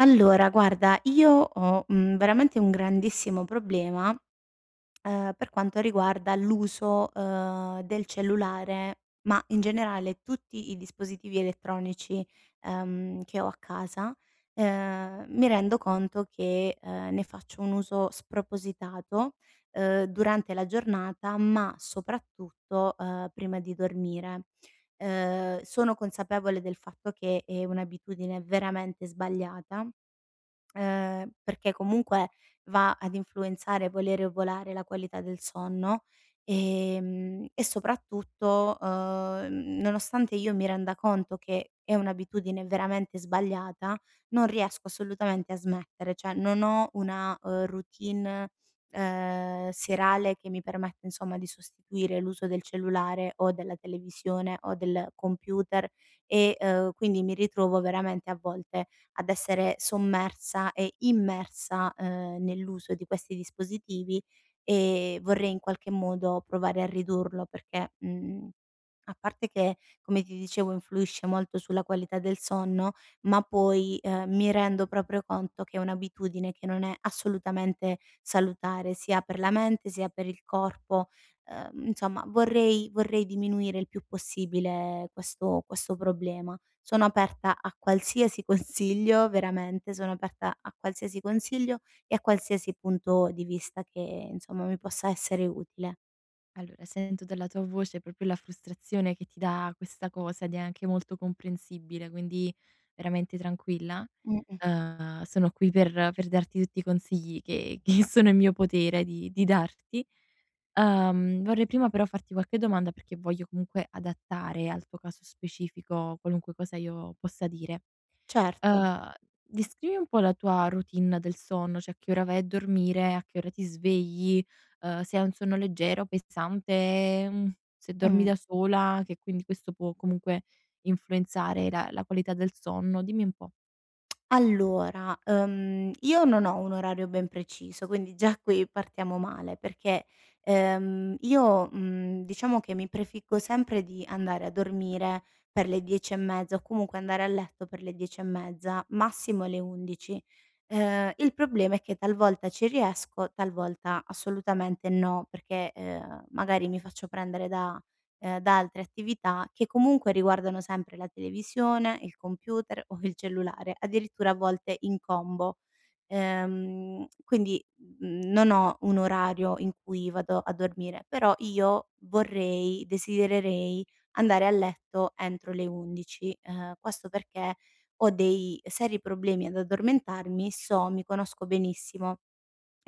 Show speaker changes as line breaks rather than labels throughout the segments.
Allora, guarda, io ho, mhmm, veramente un grandissimo problema, ehm, per quanto riguarda l'uso, ehm, del cellulare. Ma in generale tutti i dispositivi elettronici, ehm, che ho a casa. Ehm, mi rendo conto che, uhm, ne faccio un uso spropositato, uhm, durante la giornata, ma soprattutto, uhm, prima di dormire. Uhm, sono consapevole del fatto che è un'abitudine veramente sbagliata, uhm, perché comunque va ad influenzare, volere o volare, la qualità del sonno, ehm, e soprattutto, uhm, n nonostante io mi renda conto che è un'abitudine veramente sbagliata, non riesco assolutamente a smettere. Cioè non ho una, ehm, routine, uhm, serale che mi permette, insomma, di sostituire l'uso del cellulare o della televisione o del computer e, uhm, quindi mi ritrovo veramente a volte ad essere sommersa e immersa, uhm, nell'uso di questi dispositivi e vorrei in qualche modo provare a ridurlo perché, mhmm, a parte che, come ti dicevo, influisce molto sulla qualità del sonno, ma poi, ehm, mi rendo proprio conto che è un'abitudine che non è assolutamente salutare sia per la mente sia per il corpo. Uhm, insomma, vorrei vorrei diminuire il più possibile questo questo problema. Sono aperta a qualsiasi consiglio, veramente, sono aperta a qualsiasi consiglio e a qualsiasi punto di vista che, insomma, mi possa essere utile.
Allora, sento dalla tua voce proprio la frustrazione che ti dà questa cosa, ed è anche molto comprensibile, quindi veramente tranquilla.
Mh-mh.
Uhm, sono qui per per darti tutti i consigli che che sono in mio potere di di darti. Uhm, vorrei prima però farti qualche domanda perché voglio comunque adattare al tuo caso specifico qualunque cosa io possa dire.
Certo.
Uhm, descrivi un po' la tua routine del sonno, cioè che ora vai a dormire, a che ora ti svegli, uhm, se hai un sonno leggero, pensante, mhmm, se dormi
Mh.
da sola, che quindi questo può comunque influenzare la la qualità del sonno. Dimmi un po'.
Allora. Uhm, io non ho un orario ben preciso, quindi già qui partiamo male perché, ehm, io, mhmm, diciamo che mi prefiggo sempre di andare a dormire per le 10 e mezza o comunque andare a letto per le 10 e mezza, massimo le 11. Ehm, il problema è che talvolta ci riesco, talvolta assolutamente no, perché, ehm, magari mi faccio prendere da ehm, da altre attività, che comunque riguardano sempre la televisione, il computer o il cellulare, addirittura a volte in combo. Ehm, quindi, mhmm, non ho un orario in cui vado a dormire, però io vorrei desidererei andare a letto entro le 11. Ehm, questo perché ho dei seri problemi ad addormentarmi, so mi conosco benissimo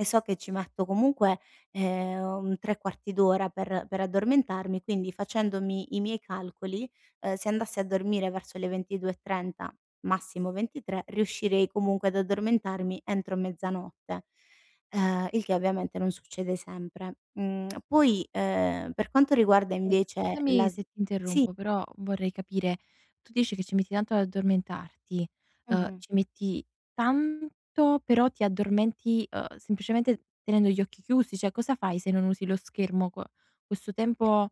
e so che ci metto comunque, ehm, un 3/4 d'ora per per addormentarmi, quindi facendomi i miei calcoli, uhm, se andassi a dormire verso le 22:30, massimo 23, riuscirei comunque ad addormentarmi entro mezzanotte, uhm, il che ovviamente non succede sempre. Mhmm, poi, ehm, per quanto riguarda
Eh,
invece la
scusami
sv
se ti
sì.
interrompo, però vorrei capire. Tu dici che ci metti tanto ad addormentarti, uhm,
Mh-mh.
ci metti tanto, però ti addormenti, uhm, semplicemente tenendo gli occhi chiusi? Cioè, cosa fai se non usi lo schermo qu questo
Eh.
tempo,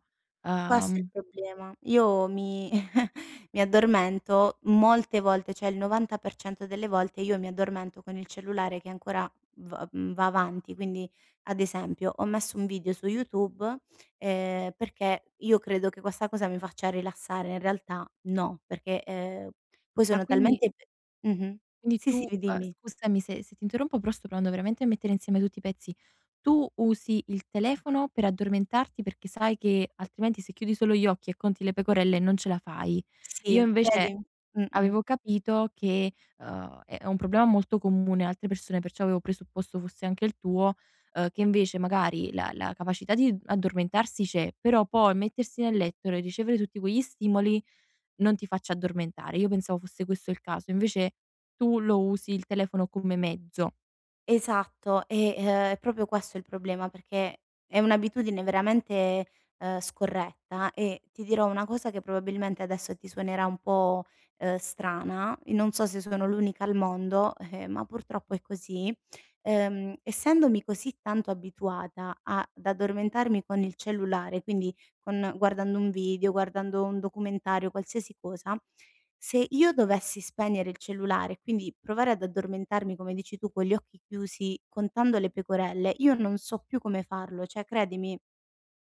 Questo è il
uhm
problema. Io mi mi addormento molte volte cioè il 90% delle volte io mi addormento con il cellulare che ancora v mhmm, va avanti. Quindi ad esempio: ho messo un video su YouTube, ehm, perché io credo che questa cosa mi faccia rilassare, in realtà no, perché, ehm, poi
Ah,
sono
quindi
talmente Mh-mh.
quindi
Sì,
tu
sì, mi
uhm,
dimmi.
scusami se se ti interrompo, però sto provando veramente a mettere insieme tutti i pezzi. Tu usi il telefono per addormentarti perché sai che altrimenti se chiudi solo gli occhi e conti le pecorelle non ce la fai. Io
Sì
invece
credim Mh-mh.
avevo capito che, uhm, è è un problema molto comune a altre persone, perciò avevo presupposto fosse anche il tuo, uhm, che invece magari la la capacità di addormentarsi c'è, però poi mettersi nel letto re ricevere tutti quegli stimoli non ti faccia addormentare. Io pensavo fosse questo il caso, invece tu lo usi il telefono come mezzo.
Esatto, e, ehm, è proprio questo il problema perché è un'abitudine veramente, uhm, scorretta e ti dirò una cosa che probabilmente adesso ti suonerà un po', uhm, strana, i non so se sono l'unica al mondo, eh, ma purtroppo è così, uhm, essendomi così tanto abituata a d'addormentarmi con il cellulare, quindi con guardando un video, guardando un documentario, qualsiasi cosa, se io dovessi spegnere il cellulare e quindi provare ad addormentarmi, come dici tu, con gli occhi chiusi, contando le pecorelle, io non so più come farlo, cioè credimi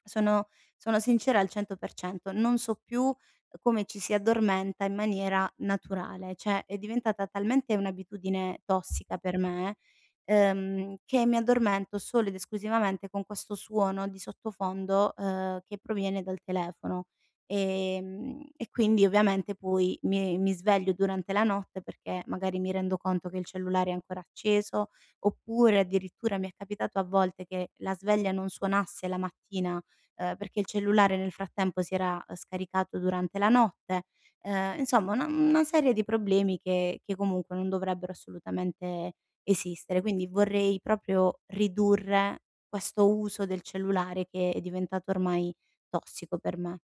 sono sono sincera al 100%, non so più, uhm, come ci si addormenta in maniera naturale. Cioè è diventata talmente un'abitudine tossica per me, ehm, che mi addormento solo ed esclusivamente con questo suono di sottofondo, uhm, che proviene dal telefono, ehm, e quindi ovviamente poi mi mi sveglio durante la notte perché magari mi rendo conto che il cellulare è ancora acceso, oppure addirittura mi è capitato a volte che la sveglia non suonasse la mattina, uhm, perché il cellulare nel frattempo si era, uhm, scaricato durante la notte. Ehm, insomma una mhmm, una serie di problemi che che comunque non dovrebbero assolutamente esistere. Quindi vorrei proprio ridurre questo uso del cellulare che è diventato ormai tossico per me.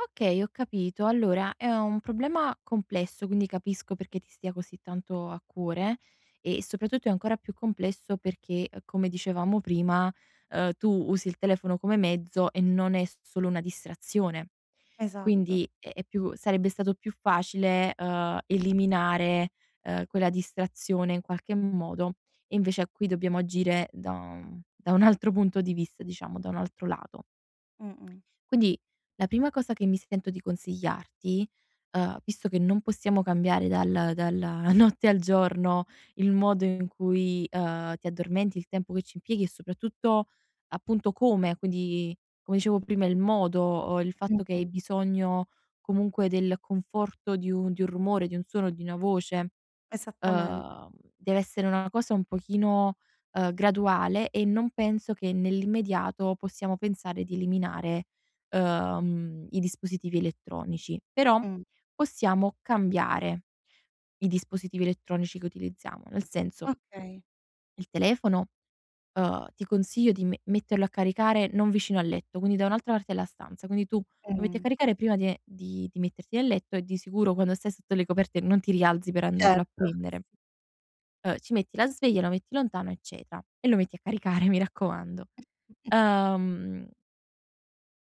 Okay, ho capito. Allora, è un problema complesso, quindi capisco perché ti stia così tanto a cuore, e soprattutto è ancora più complesso perché, uhm, come dicevamo prima, uhm, tu usi il telefono come mezzo e non è s solo una distrazione.
Esatto.
Quindi, è è più sarebbe stato più facile, uhm, eliminare, uhm, quella distrazione in qualche modo. E invece, a qui dobbiamo agire da da un altro punto di vista, diciamo, da un altro lato.
Mh-mh.
Quindi, la prima cosa che mi sento di consigliarti, uhm, visto che non possiamo cambiare dal dalla notte al giorno il modo in cui, uhm, ti addormenti, il tempo che ci impieghi, e soprattutto, appunto, come, quindi, come dicevo prima, il modo, uhm, il fatto che hai
Mh-mh.
bisogno, comunque, del conforto di un di un rumore, di un suono, di una voce.
Esattament
Uhm, deve essere una cosa un pochino, uhm, graduale e non penso che nell'immediato possiamo pensare di eliminare, uhm, i dispositivi elettronici. Però,
Mh.
possiamo cambiare i dispositivi elettronici che utilizziamo. Nel senso
Okay.
il telefono, uhm, ti consiglio di me metterlo a caricare non vicino al letto, quindi da un'altra parte della stanza. Quindi, tu lo metti a
Mh.
caricare prima di e di di metterti nel letto, e di sicuro, quando stai sotto le coperte, non ti rialzi per andarlo
Certo.
a prendere
[unintelligible]
uhm, ci metti la sveglia, lo metti lontano, eccetera, e lo metti a caricare, mi raccomando. Uhm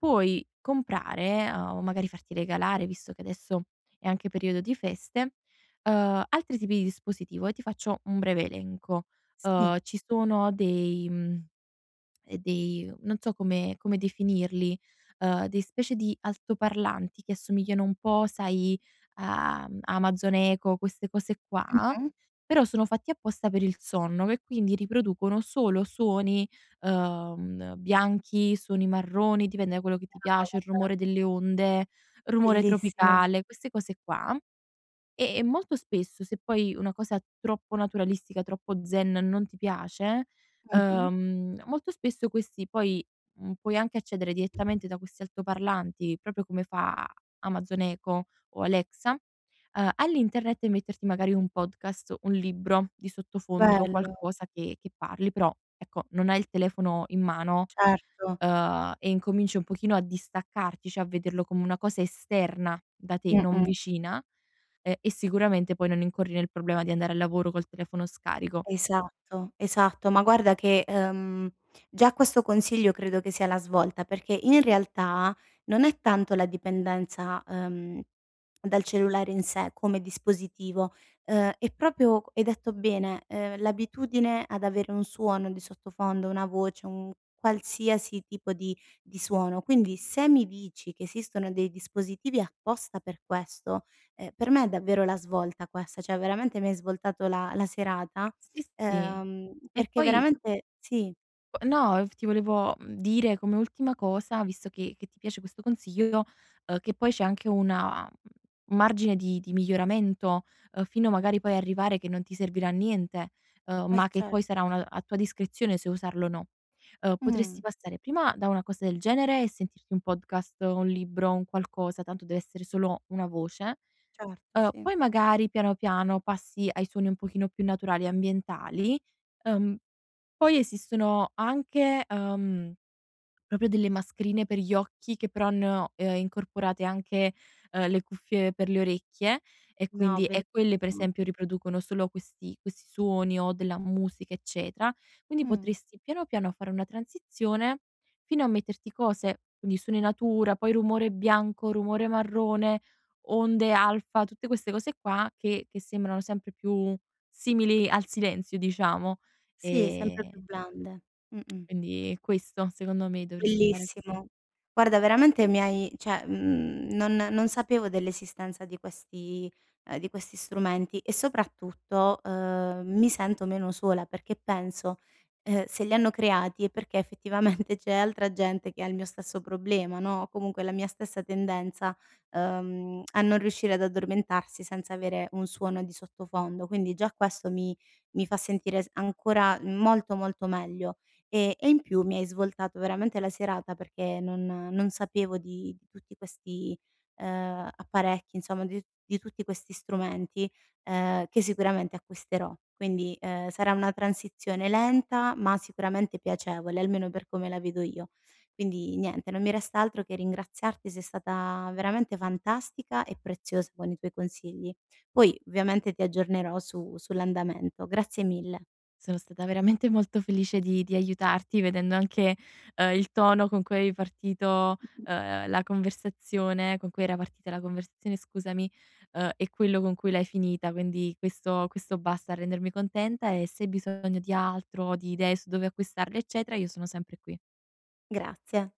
puoi comprare, uhm, o magari, farti regalare, visto che adesso è anche periodo di feste, uhm, altri tipi di dispositivo, e ti faccio un breve elenco.
Sì.
Uhm, ci sono dei mhmm, dei non so come come definirli, uhm, dei specie di altoparlanti che assomigliano un po', sai, a-mhmm, Amazon Echo, queste cose qua,
Mh-mh.
però, sono fatti apposta per il sonno, me quindi riproducono solo suoni, uhm, bianchi, suoni marroni, dipende da quello che ti
[unintelligible]
piace, il
Vabbè.
rumore delle onde, rumore
Bellissimo.
tropicale, queste cose qua. Ehm, e molto spesso, se poi una cosa troppo naturalistica, troppo zen, non ti piace,
Mh-mh.
uhm, molto spesso questi poi, mhmm, puoi anche accedere direttamente da questi altoparlanti, proprio come fa Amazon Echo o Alexa, uhm, all'internet e metterti magari un podcast, un libro di sottofondo,
Bello.
qualcosa che che parli. Però, ecco, non hai il telefono in mano,
Certo.
uhm, e incominci un pochino a distaccarti, cioè, a vederlo come una cosa esterna da te, non
Mh-mh.
vicina, uhm, e sicuramente poi non incorri nel problema di andare al lavoro col telefono scarico.
Esatto. Esatto. Ma, guarda che, uhm, già questo consiglio credo che sia la svolta perché, in realtà, non è tanto la dipendenza, uhm, dal cellulare in sé, come dispositivo. Uhm, è proprio, hai detto bene, uhm, l'abitudine ad avere un suono di sottofondo, una voce, un qualsiasi tipo di di suono. Quindi, se mi dici che esistono dei dispositivi apposta per questo, ehm, per me è davvero la svolta questa, cioè, veramente mi hai svoltato la la serata,
Sì, sì.
uhm,
E,
perché
poi
veramente sì.
No, f ti volevo, mhmm, dire come ultima cosa, visto che che ti piace questo consiglio, che poi c'è anche una, mhmm, margine di di miglioramento, uhm, fino, magari, poi a arrivare che non ti servirà niente, uhm,
Eh,
ma che
cer
poi sarà una a tua discrezione se usarlo o no. Uhm, potresti
Mh.
passare prima da una cosa del genere e sentirti un podcast, o un libro, o un qualcosa, tanto deve essere solo una voce,
Certo,
uhm,
sì.
poi, magari piano, piano, passi ai suoni un pochino più naturali e ambientali. Uhm, poi, esistono anche, uhm, proprio delle mascherine per gli occhi che, però, hanno, uhm, incorporate anche, uhm, le cuffie per le orecchie, e
No.
quindi e, quelle per
Bellissimo.
esempio riproducono solo questi questi suoni, o della musica, eccetera. Quindi,
Mh.
potresti piano, piano fare una transizione, fino a metterti cose, quindi, suoni natura, poi rumore bianco, rumore marrone, onde alfa, tutte queste cose qua, che che sembrano sempre più simili al silenzio, diciamo,
Sì, sempre più
ehm
blande. Mh-mh.
quindi questo, secondo me, dovresti fare così.
Bellissimo. Guarda, veramente mi hai cioè, mhmm, non non sapevo dell'esistenza di questi uhm, di questi strumenti, e soprattutto, uhm, mi sento meno sola perché penso, uhm, se li hanno creati è perché effettivamente, c'è altra gente che ha il mio stesso problema, no, o comunque la mia stessa tendenza, uhm, a non riuscire ad addormentarsi senza avere un suono di sottofondo. Quindi, già questo mi mi fa sentire s ancora molto, molto meglio. Ehm, e in più mi hai svoltato veramente la serata, perché non non sapevo di di tutti questi, uhm, apparecchi, insomm di t di tutti questi strumenti, uhm, che sicuramente acquisterò. Quindi, uhm, sarà una transizione lenta, ma sicuramente piacevole, almeno per come la vedo io. Quindi, niente, non mi resta altro che ringraziarti, sei stata veramente fantastica e preziosa con i tuoi consigli. Poi, ovviamente ti aggiornerò su sull'andamento. Grazie mille.
Sono stata veramente molto felice di di aiutarti, vedendo anche, uhm, il tono con cui avevi partito, uhm, la conversazione, con cui era partita la conversazione, scusami, uhm, e quello con cui l'hai finita. Quindi questo questo basta a rendermi contenta, e se hai bisogno di altro, di idee su dove acquistarli, eccetera, io sono sempre qui.
Grazie.